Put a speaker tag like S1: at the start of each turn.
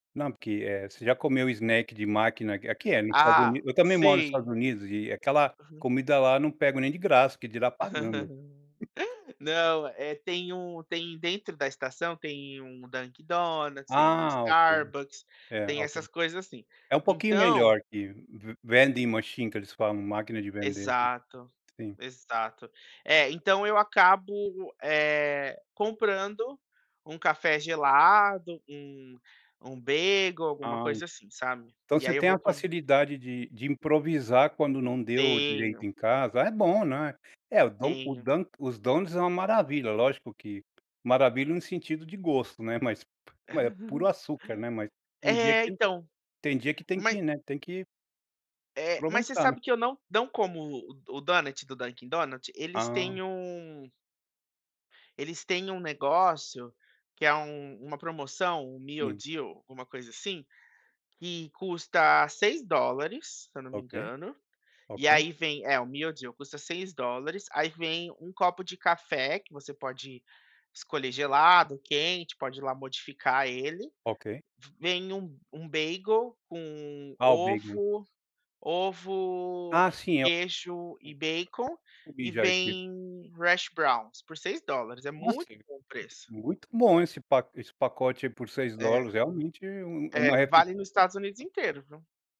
S1: Não, porque, eh, você já comeu snack de máquina, aqui aqui é no Estados
S2: Ah,
S1: Unidos, eu também moro nos Estados
S2: sim.
S1: Unidos e aquela
S2: Uhum.
S1: comida lá eu não pego nem de graça, que dirá pagando.
S2: Não é tem um tem dentro da estação, tem um Dunkin´ Donuts, tem um
S1: Ah ok.
S2: Starbucks,
S1: É
S2: tem
S1: ok.
S2: essas coisas assim.
S1: É um pouquinho
S2: Então.
S1: melhor que ve vending machine que eles falam, máquina de vender.
S2: Exato,
S1: Sim.
S2: exato. É, então eu acabo, eh, comprando um café gelado, um um bagel, alguma
S1: Ah e.
S2: coisa assim, sabe?
S1: Então
S2: E
S1: você
S2: aí eu
S1: tem
S2: vou
S1: a
S2: come
S1: facilidade de de improvisar quando não deu direito
S2: Tenho.
S1: em casa, é bom não é? É, o don o
S2: Tenho.
S1: dunk os donuts é uma maravilha, lógico que maravilha no sentido de gosto, né, mas p é puro açúcar, né, mas tem dia
S2: É
S1: que
S2: então,
S1: tem dia que tem
S2: mas
S1: que, né, tem que
S2: é mas você
S1: aproveitar né?
S2: sabe que eu não, não como o o Donut do Dunkin´Donut? Eles têm
S1: Ah.
S2: um eles têm um negócio que é u uma promoção, um meal
S1: Sim.
S2: deal alguma coisa assim, que custa $6 se eu não me
S1: Ok.
S2: engano, e
S1: Ok.
S2: aí vem, é o meal deal custa $6, aí vem um copo de café, que você pode escolher gelado, quente, pode ir lá modificar ele.
S1: Ok.
S2: Vem um um bagel com
S1: Ah o bagel.
S2: ovo ovo,
S1: Ah sim, é o
S2: queijo e bacon,
S1: Comi
S2: e
S1: já esse.
S2: vem hash browns por $6, é
S1: Nossa,
S2: muito bom o preço.
S1: muito bom esse pa esse pacote aí por seis
S2: É.
S1: dólares, realmente é u uma
S2: É
S1: refei
S2: vale no Estados Unidos
S1: [unintelligible]
S2: inteiro, viu?